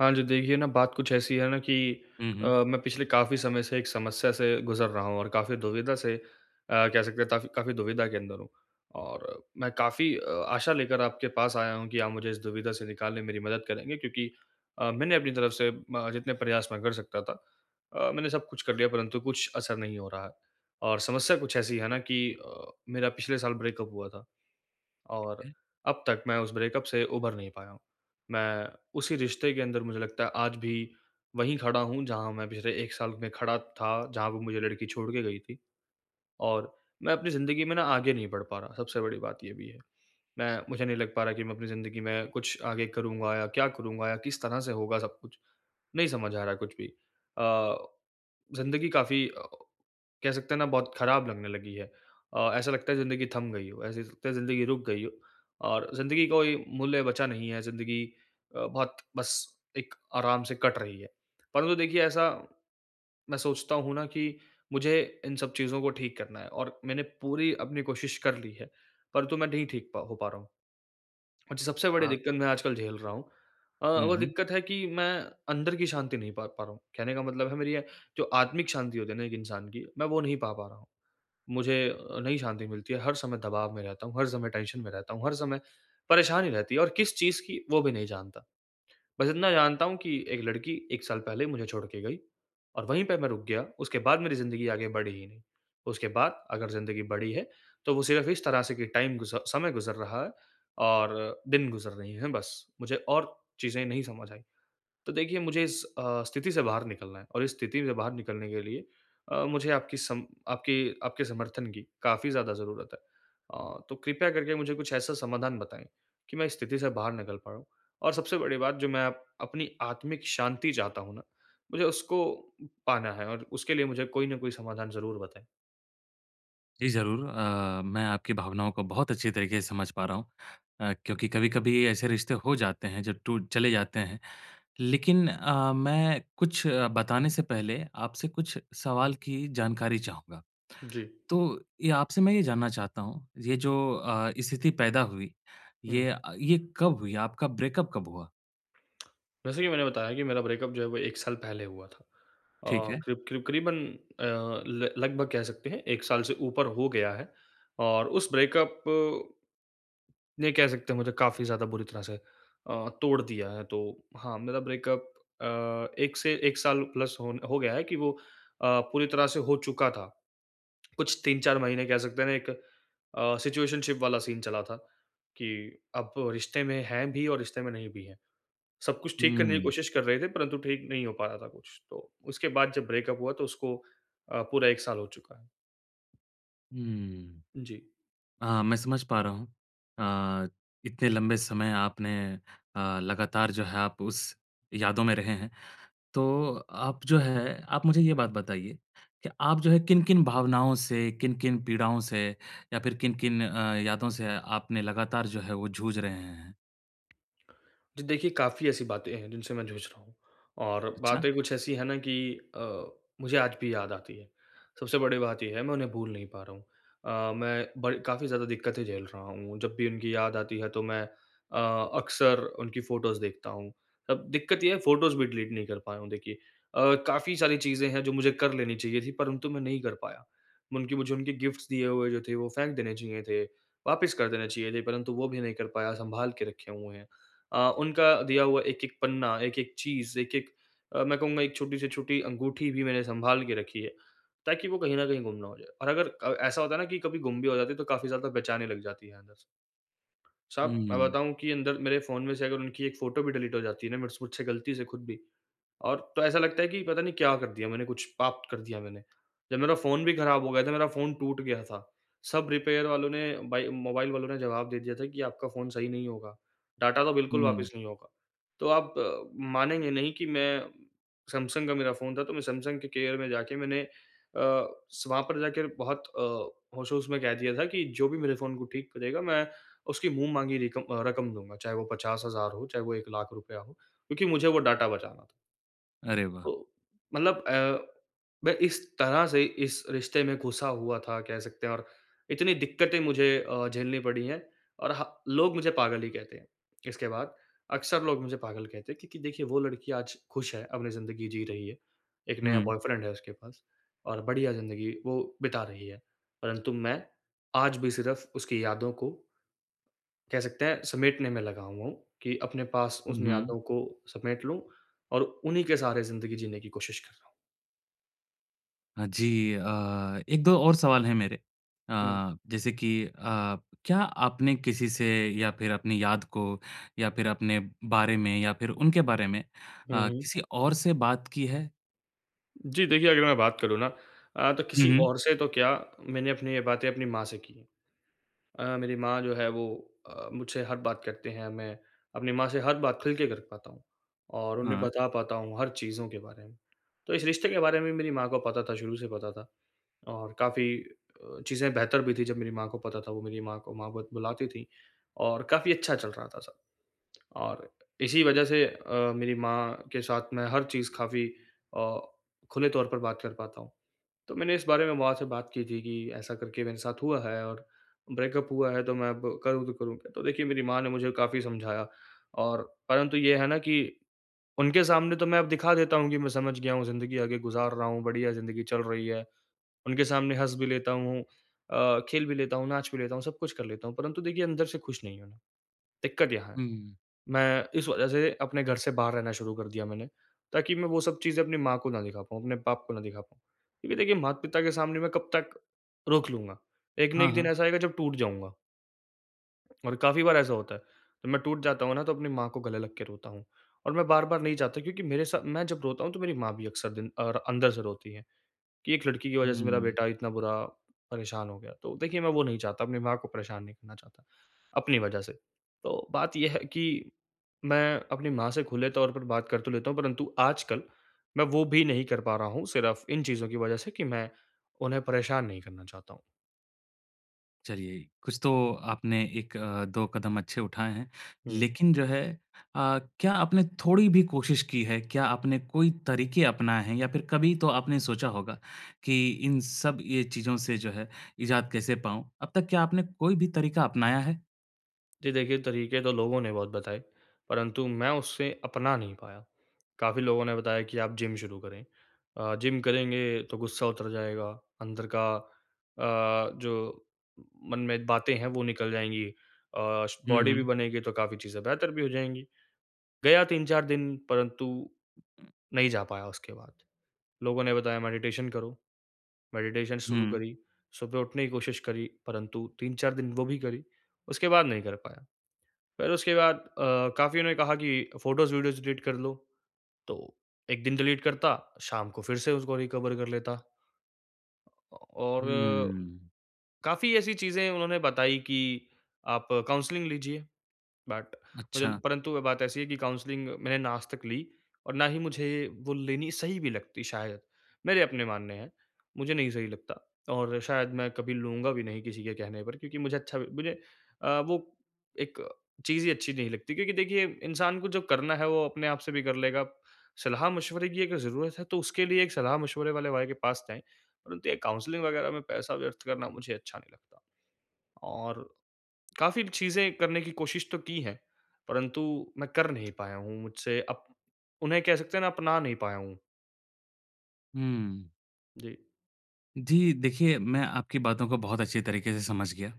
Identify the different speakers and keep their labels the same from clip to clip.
Speaker 1: हाँ जी। देखिए ना बात कुछ ऐसी है ना कि
Speaker 2: हुँ,
Speaker 1: अ,
Speaker 2: हुँ।
Speaker 1: मैं पिछले काफ़ी समय से एक समस्या से गुज़र रहा हूँ और काफ़ी दुविधा से अ, कह सकते हैं काफ़ी काफ़ी दुविधा के अंदर हूँ। और मैं काफ़ी अ, आशा लेकर आपके पास आया हूँ कि, आप मुझे इस दुविधा से निकालने में मेरी मदद करेंगे, क्योंकि अ, मैंने अपनी तरफ से ब जितने प्रयास मैं कर सकता था अ, मैंने सब कुछ कर लिया परंतु कुछ असर नहीं हो रहा है। और समस्या कुछ ऐसी है ना कि अ, मेरा पिछले साल ब्रेकअप हुआ था। और
Speaker 2: हुँ।
Speaker 1: अब तक मैं उस ब्रेकअप से उभर नहीं पाया हूँ। मैं उसी रिश्ते के अंदर मुझे लगता है आज भी, वहीं खड़ा हूँ जहाँ मैं पिछले 1 साल में खड़ा था, जहाँ पे वो मुझे लड़की छोड़ के गई थी। और मैं अपनी ज़िंदगी में ना आगे नहीं बढ़ पा रहा, सबसे बड़ी बात ये भी है। मैं मुझे नहीं लग पा रहा है कि मैं अपनी ज़िंदगी में कुछ आगे करूँगा या क्या करूँगा? या किस तरह से होगा सब कुछ? नहीं समझ आ रहा है कुछ भी। अ, ज़िंदगी काफ़ी अ, कह सकते हैं ना, बहुत खराब लगने लगी है अ, ऐसा लगता है ज़िंदगी थम गई हो, ऐसे लगता है ज़िंदगी रुक गई हो और ज़िंदगी कोई मूल्य बचा नहीं है, ज़िंदगी अ, बहुत बस एक आराम से कट रही है। परंतु देखिए ऐसा, मैं सोचता हूँ ना कि मुझे इन सब चीज़ों को ठीक करना है और मैंने पूरी अपनी कोशिश कर ली है, परंतु मैं नहीं ठीक प हो पा रहा हूँ। और सबसे बड़ी
Speaker 2: हाँ।
Speaker 1: दिक्कत मैं आजकल झेल रहा हूँ, अ,
Speaker 2: हुँ,
Speaker 1: वो
Speaker 2: हुँ।
Speaker 1: दिक्कत है कि मैं अंदर की शांति नहीं पा, पा रहा हूँ। कहने का मतलब है मेरी ये, जो आत्मिक शांति होती है ना एक इंसान की मैं वो नहीं पा, पा रहा हूँ। मुझे नहीं शांति मिलती है, हर समय दबाव में रहता हूँ, हर समय टेंशन में रहता हूँ, हर समय परेशानी रहती है और किस चीज़ की वो भी नहीं जानता। बस इतना जानता हूँ कि एक लड़की 1 साल पहले मुझे छोड़ के गई और वहीं पे मैं रुक गया उसके बाद मेरी ज़िंदगी आगे बढ़ी ही नहीं। उसके बाद अगर ज़िंदगी बढ़ी है, तो वो सिर्फ इस तरह से कि टाइम गुज समय गुज़र रहा है और दिन गुज़र रही हैं बस। मुझे और चीज़ें नहीं समझ आई। तो देखिए मुझे इस अ, स्थिति से बाहर निकलना है और इस स्थिति से बाहर निकलने के लिए अ, मुझे आपकी सम आपकी आपके समर्थन की काफ़ी ज़्यादा ज़रूरत है। अ, तो कृपया करके मुझे कुछ ऐसा समाधान बताएँ, कि मैं इस स्थिति से बाहर निकल पाऊँ। और सबसे बड़ी बात जो मैं अपनी आत्मिक शांति चाहता हूँ ना, मुझे उसको पाना है और उसके लिए मुझे कोई न कोई समाधान ज़रूर बताएँ।
Speaker 2: जी ज़रूर। अ, मैं आपकी भावनाओं को बहुत अच्छी तरीके से समझ पा रहा हूँ। अ, क्योंकि कभी-कभी ऐसे रिश्ते हो जाते हैं, जो टू चले जाते हैं। लेकिन अ, मैं कुछ बताने से पहले, आपसे कुछ सवाल की जानकारी चाहूँगा।
Speaker 1: जी।
Speaker 2: तो ये आपसे मैं ये जानना चाहता हूँ, ये जो अ, स्थिति पैदा हुई,
Speaker 1: हुँ।
Speaker 2: ये अ, ये कब हुई? आपका ब्रेकअप कब हुआ?
Speaker 1: जैसे कि मैंने बताया कि मेरा ब्रेकअप जो है वो 1 साल पहले हुआ था।
Speaker 2: ठीक
Speaker 1: अ,
Speaker 2: है।
Speaker 1: करीब-करीब करीबन अ, ल लगभग कह सकते हैं, 1 साल से ऊपर हो गया है। और उस ब्रेकअप ये कह सकते हैं मुझे काफ़ी ज़्यादा बुरी तरह से अ, तोड़ दिया है। तो हाँ, मेरा ब्रेकअप अ, 1 से 1 साल प्लस होन हो गया है कि वो अ, पूरी तरह से हो चुका था। कुछ 3-4 महीने कह सकते हैं ना एक अ, सिचुएशनशिप वाला सीन चला था, कि अब रिश्ते में हैं भी और रिश्ते में नहीं भी हैं। सब कुछ ठीक करने की
Speaker 2: हम्म।
Speaker 1: कोशिश कर रहे थे, परंतु ठीक नहीं हो पा रहा था कुछ, तो उसके बाद जब ब्रेकअप हुआ तो उसको अ, पूरा 1 साल हो चुका है।
Speaker 2: हम्म।
Speaker 1: जी।
Speaker 2: हाँ, मैं समझ पा रहा हूँ। अ, इतने लंबे समय आपने अ, लगातार जो है आप उस यादों में रहे हैं। तो आप जो है आप मुझे ये बात बताइए कि आप जो है किन-किन भावनाओं से, किन-किन पीड़ाओं से या फिर किन-किन अ, यादों से आपने लगातार जो है वो जूझ रहे हैं?
Speaker 1: जी देखिए, काफ़ी ऐसी बातें हैं जिनसे मैं झुझ रहा हूँ। और
Speaker 2: अच्छा!
Speaker 1: बातें कुछ ऐसी हैं ना कि अ, मुझे आज भी याद आती हैं। सबसे बड़ी बात ये है मैं उन्हें भूल नहीं पा रहा हूँ। अ, मैं ब काफ़ी ज़्यादा दिक्कतें झेल रहा हूँ। जब भी उनकी याद आती है तो मैं अ, अक्सर उनकी फ़ोटोस देखता हूँ। अब दिक्कत ये है फ़ोटोस भी डिलीट नहीं कर पाया हूँ देखिए। अ, काफ़ी सारी चीज़ें हैं जो मुझे कर लेनी चाहिए थी परंतु मैं नहीं कर पाया। उनकी मुझे उनके गिफ्ट्स दिए हुए जो थे वो फेंक देने चाहिए थे, वापस कर देने चाहिए थे परंतु वो भी नहीं कर पाया, सँभाल के रखे हुए हैं। अ, उनका दिया हुआ एक-एक पन्ना, एक-एक चीज़, एक-एक मैं कहूँगा एक छोटी से छोटी अंगूठी भी मैंने सँभाल के रखी है ताकि वो कहीं न कहीं गुम ना हो जाए। और अगर अ, ऐसा होता है ना कि कभी गुम भी हो जाती है तो काफ़ी ज़्यादा बेचैनी लग जाती है अंदर से। साहब, मैं
Speaker 2: हुँ।
Speaker 1: बताऊँ कि अंदर मेरे फ़ोन में से अगर उनकी 1 फ़ोटो भी डिलीट हो जाती है ना मेरे से मुझसे गलती से खुद भी और तो ऐसा लगता है कि पता नहीं क्या कर दिया मैंने कुछ पाप कर दिया मैंने। जब मेरा फ़ोन भी खराब हो गया था मेरा फ़ोन टूट गया था। सब रिपेयर वालों ने, बाई मोबाइल वालों ने जवाब दे दिया था कि आपका फ़ोन सही नहीं होगा। डाटा तो बिल्कुल
Speaker 2: हुँ।
Speaker 1: वापस नहीं होगा। तो आप मानेंगे नहीं कि मैं सैमसंग का मेरा फ़ोन था तो मैं सैमसंग के केयर में जाके मैंने अ, स वहाँ पर जाकर बहुत अ, होश-होश में कह दिया था की जो भी मेरे फ़ोन को ठीक करेगा मैं उसकी मुँह-माँगी रिकम अ, रकम दूँगा। चाहे वो 50000 हो, चाहे वो ₹100000 हो। क्योंकि मुझे वो डाटा बचाना था।
Speaker 2: अरे वाह!
Speaker 1: तो मतलब अ, मैं इस तरह से इस रिश्ते में घुसा हुआ था कह सकते हैं और इतनी दिक्कतें मुझे अ, झेलनी पड़ी है और ह लोग मुझे पागल ही कहते हैं। इसके बाद अक्सर लोग मुझे पागल कहते हैं क्योंकि देखिए वो लड़की आज खुश है, अपनी ज़िंदगी जी रही है। एक नया
Speaker 2: हुँ।
Speaker 1: बॉयफ्रेंड है उसके पास और बढ़िया ज़िन्दगी वो बिता रही है। परंतु मैं आज भी सिर्फ उसकी यादों को कह सकते हैं समेटने में लगा हुआ हूँ कि अपने पास उस
Speaker 2: हुँ,
Speaker 1: न
Speaker 2: हुँ।
Speaker 1: यादों को समेट लूँ और उन्हीं के सहारे ज़िन्दगी जीने की कोशिश कर रहा हूँ।
Speaker 2: हाँ जी। अ, 1-2 और सवाल हैं मेरे
Speaker 1: हुँ।
Speaker 2: अ, जैसे कि अ, क्या आपने किसी से या फिर अपनी याद को या फिर अपने बारे में या फिर उनके बारे में
Speaker 1: हुँ,
Speaker 2: अ,
Speaker 1: हुँ।
Speaker 2: किसी और से बात की है?
Speaker 1: जी देखिए, अगर मैं बात करूँ ना अ, तो
Speaker 2: हुँ,
Speaker 1: किसी
Speaker 2: हुँ।
Speaker 1: और से तो क्या मैंने अपनी ये बातें अपनी माँ से की है। अ, मेरी माँ जो है वो अ, मुझसे हर बात करते हैं, मैं अपनी माँ से हर बात खुल के कर पाता हूँ और उन्हें
Speaker 2: हाँ।
Speaker 1: बता पाता हूँ हर चीज़ों के बारे में। तो इस रिश्ते के बारे में मेरी माँ को पता था शुरू से पता था और काफ़ी अ, चीज़ें बेहतर भी थी जब मेरी माँ को पता था वो मेरी माँ को माँ बत बुलाती थी और काफ़ी अच्छा चल रहा था सब। और इसी वजह से अ, मेरी माँ के साथ मैं हर चीज़ काफ़ी अ, खुले तौर पर बात कर पाता हूँ। तो मैंने इस बारे में माँ से बात की थी कि ऐसा करके मेरे साथ हुआ है और ब्रेकअप हुआ है तो मैं अब करूँ तो करूँ क्या? तो देखिए मेरी माँ ने मुझे काफ़ी समझाया और परंतु ये है ना कि उनके सामने तो मैं दिखा देता हूँ कि मैं समझ गया हूँ ज़िन्दगी आगे गुज़ार रहा हूँ, बढ़िया ज़िन्दगी चल रही है। उनके सामने हँस भी लेता हूँ अ, खेल भी लेता हूँ, नाच भी लेता हूँ, सब कुछ कर लेता हूँ। परन्तु देखिए अंदर से खुश नहीं हूँ। दिक्कत यहाँ है।
Speaker 2: हुँ, हुँ, हुँ।
Speaker 1: मैं इस वजह से अपने घर से बाहर रहना शुरू कर दिया मैंने। ताकि मैं वो सब चीज़ें अपनी माँ को ना दिखा पाऊँ, अपने बाप को ना दिखा पाऊँ। क्योंकि देखिए माता-पिता के सामने मैं कब तक रोक लूँगा। एक ना
Speaker 2: हाँ,
Speaker 1: एक दिन
Speaker 2: हाँ।
Speaker 1: ऐसा आएगा जब टूट जाऊँगा। और काफ़ी बार ऐसा होता है। मैं टूट जाता हूँ ना, तो अपनी माँ को गले लग के रोता हूँ और मैं बार-बार नहीं चाहता क्योंकि मेरे साथ मैं जब रोता हूँ तो मेरी माँ भी अक्सर दिन और अंदर से रोती है कि एक लड़की की वज़ह से मेरा
Speaker 2: हम्म।
Speaker 1: बेटा इतना बुरा परेशान हो गया। तो देखिए मैं वो नहीं चाहता, अपनी माँ को परेशान नहीं करना चाहता, अपनी वज़ह से। तो बात ये है कि मैं अपनी माँ से खुले तौर पर बात कर तो लेता हूँ, परंतु आजकल मैं वो भी नहीं कर पा रहा हूँ सिर्फ इन चीज़ों की वज़ह से कि मैं, उन्हें परेशान नहीं करना चाहता हूँ।
Speaker 2: चलिए, कुछ तो आपने 1-2 कदम अच्छे उठाए हैं।
Speaker 1: हुँ।
Speaker 2: लेकिन जो है अ, क्या आपने थोड़ी भी कोशिश की है? क्या आपने कोई तरीके अपनाए हैं? या फिर कभी तो आपने सोचा होगा कि इन सब ये चीज़ों से जो है इज़ाद कैसे पाऊँ? अब तक क्या आपने कोई भी तरीका अपनाया है?
Speaker 1: जी, देखिए तरीके तो लोगों ने बहुत बताए, परंतु मैं उससे अपना नहीं पाया। काफ़ी लोगों ने बताया कि आप जिम शुरू करें। अ, जिम करेंगे तो गुस्सा उतर जाएगा, अंदर का अ, जो मन में बातें है वो निकल जाएँगी। अ, स
Speaker 2: हुँ,
Speaker 1: बॉडी भी
Speaker 2: हुँ।
Speaker 1: बनेगी तो काफ़ी चीजें बेहतर भी हो जाएँगी, गया 3-4 दिन परंतु नहीं जा पाया उसके बाद। लोगों ने बताया मेडिटेशन करो। मेडिटेशन शुरू
Speaker 2: हुँ।
Speaker 1: करी, सुबह उठने की कोशिश करी, परंतु 3-4 दिन वो भी करी, उसके बाद नहीं कर पाया। फिर उसके बाद अ, काफ़ीओं ने कहा कि फ़ोटोज़, वीडियोज़ डिलीट कर लो, तो एक दिन डिलीट करता, शाम को फिर से उसको रिकवर कर लेता। अ, और
Speaker 2: हम्म।
Speaker 1: काफ़ी ऐसी चीज़ें उन्होंने बताई कि आप काउंसलिंग लीजिए। बट मुझे
Speaker 2: अच्छा।
Speaker 1: परंतु वो बात ऐसी है कि काउंसलिंग मैंने ना आज तक ली और ना ही मुझे, वो लेनी सही भी लगती शायद। मेरे अपने मानने हैं, मुझे नहीं सही लगता और शायद मैं कभी लूँगा भी नहीं किसी के कहने पर, क्योंकि मुझे अच्छा भी मुझे अ, वो एक चीज़ ही अच्छी नहीं लगती, क्योंकि देखिए इंसान को जो करना है वो अपने आप से भी कर लेगा। सलाह-मशवरे की अगर ज़रूरत है तो उसके लिए एक सलाह-मशवरे वाले भाई के पास जाएँ, परंतु ये काउंसलिंग वग़ैरह में पैसा व्यर्थ करना मुझे अच्छा नहीं लगता। और काफ़ी चीज़ें करने की कोशिश तो की है, परन्तु मैं कर नहीं पाया हूँ मुझसे अब उन्हें कह सकते है ना अपना नहीं पाया हूँ।
Speaker 2: हम्म।
Speaker 1: जी।
Speaker 2: जी, देखिए, मैं आपकी बातों को बहुत अच्छी तरीक़े से समझ गया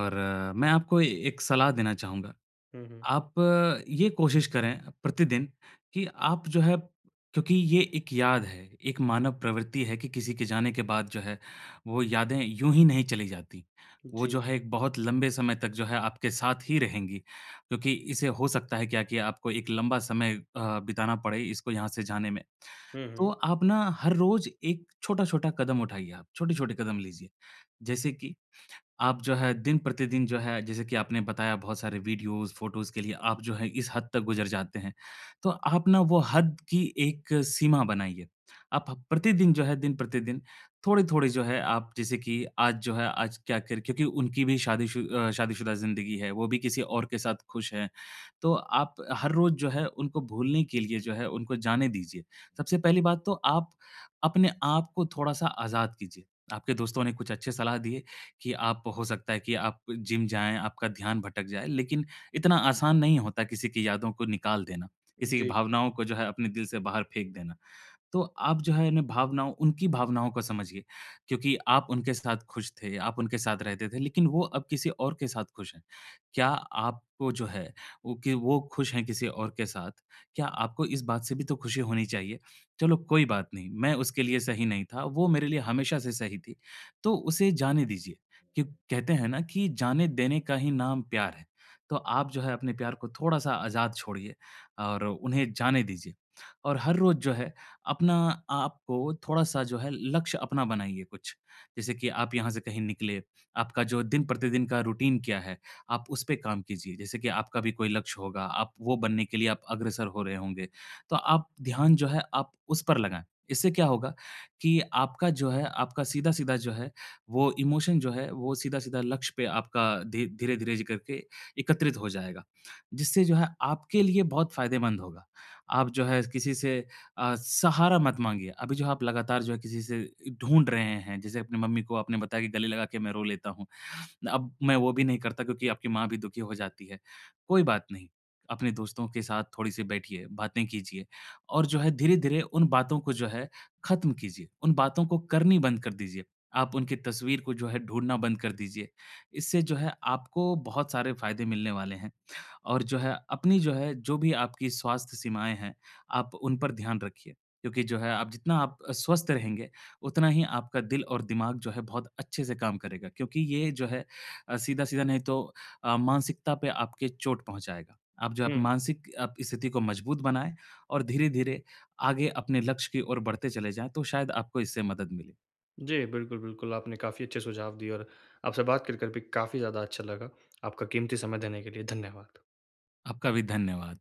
Speaker 2: और मैं आपको ए एक सलाह देना चाहूँगा।
Speaker 1: हुँ, हुँ।
Speaker 2: आप ये कोशिश करें प्रतिदिन, कि आप जो है क्योंकि ये एक याद है, एक मानव प्रवृत्ति है कि किसी के जाने के बाद जो है, वो यादें यूँ ही नहीं चली जाती। वो जो
Speaker 1: जी।
Speaker 2: है, एक बहुत लंबे समय तक जो है, आपके साथ ही रहेंगी, क्योंकि इसे हो सकता है क्या कि आपको एक लंबा समय अ, बिताना पड़े इसको यहाँ से जाने में,
Speaker 1: हुँ,
Speaker 2: तो
Speaker 1: हुँ।
Speaker 2: आप ना, हर रोज़ एक छोटा-छोटा कदम उठाइए, आप छोटे-छोटे कदम लीजिए। जैसे कि आप जो है, दिन-प्रतिदिन जो है, जैसे कि आपने बताया, बहुत सारे वीडियोज़, फ़ोटोज़ के लिए आप जो है, इस हद तक गुज़र जाते हैं, तो आप ना, वो हद की एक सीमा बनाइए। आप प्रतिदिन जो है, दिन-प्रतिदिन, थोड़े-थोड़े जो है आप जैसे कि आज जो है, आज क्या कर क्योंकि उनकी भी शादीशु अ, शादीशुदा ज़िंदगी है, वो भी किसी और के साथ खुश हैं, तो आप हर रोज़ जो है, उनको भूलने के लिए जो है, उनको जाने दीजिए। सबसे पहली बात तो आप अपने आपको थोड़ा-सा आज़ाद कीजिए। आपके दोस्तों ने कुछ अच्छे सलाह दिए कि आप, हो सकता है कि आप जिम जाएँ, आपका ध्यान भटक जाए, लेकिन इतना आसान नहीं होता किसी की यादों को निकाल देना, किसी की
Speaker 1: जी।
Speaker 2: भावनाओं को जो है, अपने दिल से बाहर फेंक देना। तो आप जो है, इन भावनाओं उनकी भावनाओं को समझिए, क्योंकि आप उनके साथ खुश थे, आप उनके साथ रहते थे, लेकिन वो अब किसी और के साथ खुश हैं। क्या आपको जो है, वो कि वो खुश हैं किसी और के साथ, क्या आपको इस बात से भी तो खुशी होनी चाहिए, "चलो, कोई बात नहीं। मैं उसके लिए सही नहीं था, वो मेरे लिए हमेशा से सही थी।" तो उसे जाने दीजिए। क्यु कहते हैं ना कि जाने देने का ही नाम प्यार है। तो आप जो है, अपने प्यार को थोड़ा-सा आज़ाद छोड़िए और उन्हें जाने दीजिए, और हर रोज़ जो है, अपना आपको थोड़ा-सा जो है, लक्ष्य अपना बनाइए कुछ, जैसे कि आप यहाँ से कहीं निकले, आपका जो दिन-प्रतिदिन का रूटीन क्या है, आप उस पे काम कीजिए। जैसे कि आपका भी कोई लक्ष्य होगा, आप वो बनने के लिए आप अग्रसर हो रहे होंगे, तो आप ध्यान जो है, आप उस पर लगाएँ। इससे क्या होगा कि आपका जो है, आपका सीधा-सीधा जो है, वो इमोशन जो है, वो सीधा-साधा लक्ष्य पे आपका धी धीरे-धीरे ज करके एकत्रित हो जाएगा, जिससे जो है, आपके लिए बहुत फ़ायदेमंद होगा। आप जो है, किसी से अ, सहारा मत माँगिए। अभी जो आप लगातार जो है, किसी से इ ढूँढ रहे हैं, जैसे अपने मम्मी को आपने बताया कि, "गले लगा के मैं रो लेता हूँ। अब मैं वो भी नहीं करता।" क्योंकि आपकी माँ भी दुखी हो जाती है, कोई बात नहीं। अपने दोस्तों के साथ थोड़ी-सी बैठिए, बातें कीजिए और जो है, धीरे-धीरे उन बातों को जो है, खत्म कीजिए, उन बातों को करनी बंद कर दीजिए, आप उनकी तस्वीर को जो है, ढूँढना बंद कर दीजिए। इससे जो है, आपको बहुत सारे फ़ायदे मिलने वाले हैं और जो है, अपनी जो है, जो भी आपकी स्वास्थ्य सीमाएँ हैं, आप उन पर ध्यान रखिए, क्योंकि जो है, आप जितना आप अ, स्वस्थ रहेंगे, उतना ही आपका दिल और दिमाग जो है, बहुत अच्छे से काम करेगा क्योंकि ये जो है अ, सीधा-सीधा नहीं तो अ, मानसिकता पे आपके चोट पहुँचाएगा। आप जो आप
Speaker 1: हुँ।
Speaker 2: मानसिक आपकी स्थिति को मज़बूत बनाए और धीरे-धीरे आगे अपने लक्ष्य की ओर बढ़ते चले जाएँ, तो शायद आपको इससे मदद मिले।
Speaker 1: जी, बिल्कुल, बिल्कुल, आपने काफ़ी अच्छे सुझाव दिए और आपसे बात कर कर भी काफ़ी ज़्यादा अच्छा लगा। आपका क़ीमती समय देने के लिए, धन्यवाद।
Speaker 2: आपका भी धन्यवाद।